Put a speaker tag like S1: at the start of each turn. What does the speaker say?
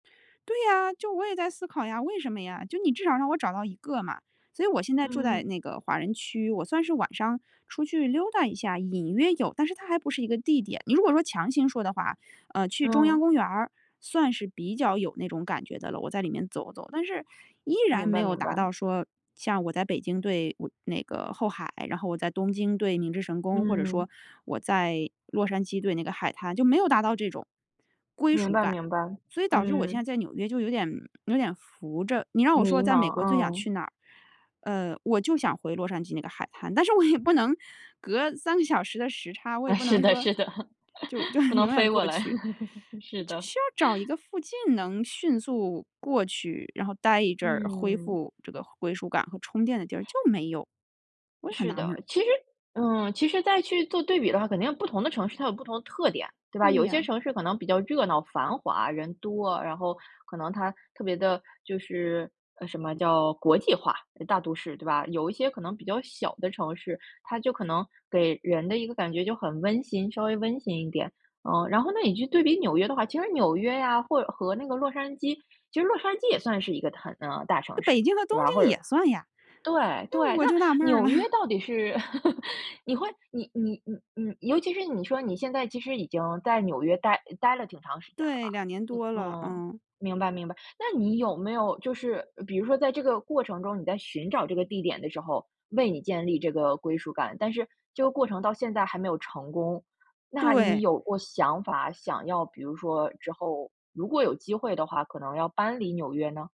S1: 对呀，就我也在思考呀，为什么呀？就你至少让我找到一个嘛。所以我现在住在
S2: 嗯。
S1: 那个华人区，我算是晚上出去溜达一下，隐约有，但是它还不是一个地点。你如果说强行说的话，呃，去中央
S2: 嗯。
S1: 公园儿算是比较有那种感觉的了，我在里面走走，但是依然
S2: 明
S1: 没
S2: 白
S1: 有
S2: 明
S1: 达
S2: 白。
S1: 到说，像我在北京对我那个后海，然后我在东京对明治神宫，或者
S2: 嗯。
S1: 说我在洛杉矶对那个海滩，就没有达到这种归属感。
S2: 明白明白。
S1: 所以导致我现
S2: 嗯。
S1: 在在纽约就有点有点浮着，你让我说
S2: 迷
S1: 在美
S2: 茫，
S1: 国最想
S2: 嗯。
S1: 去哪儿，呃，我就想回洛杉矶那个海滩，但是我也不能隔3个小时的时差，我也
S2: 哎，
S1: 不
S2: 是
S1: 能
S2: 的
S1: 说
S2: 是的，
S1: 就就
S2: 不
S1: 是
S2: 能
S1: 永远
S2: 飞过
S1: 过
S2: 来，
S1: 去，
S2: 是
S1: 就
S2: 的。
S1: 需要找一 个附近能迅速过去，然后待一阵儿，恢
S2: 嗯。
S1: 复这个归属感和充电的地儿，就没有，我也很
S2: 是
S1: 纳闷
S2: 的，
S1: 儿。
S2: 其实嗯，其实再去做对比的话，肯定不同的城市它有不同的特点，对吧？
S1: 对
S2: 有一些
S1: 呀。
S2: 城市可能比较热闹繁华人多，然后可能它特别地就是，呃，什么叫国际化大都市，对吧？有一些可能比较小的城市，它就可能给人的一个感觉就很温馨，稍微温馨一点。呃，然后呢你就对比纽约的话，其实纽约啊，或者和那个洛杉矶，其实洛杉矶也算是一个很，呃，大
S1: 这
S2: 城市，
S1: 北京和东
S2: 对吧？或
S1: 京
S2: 者
S1: 也算呀。
S2: 对
S1: 哎，
S2: 对，
S1: 我
S2: 那
S1: 就纳闷儿
S2: 纽
S1: 了。
S2: 约到底是，你会你你你，嗯，尤其是你说你现在其实已经在纽约待待了挺长时间了
S1: 对，
S2: 吧，
S1: 2年多了，
S2: 嗯。
S1: 嗯。
S2: 明白明白，那你有没有就是比如说在这个过程中，你在寻找这个地点的时候，为你建立这个归属感，但是这个过程到现在还没有成功，那你
S1: 对。
S2: 有过想法想要比如说之后，如果有机会的话，可能要搬离纽约呢？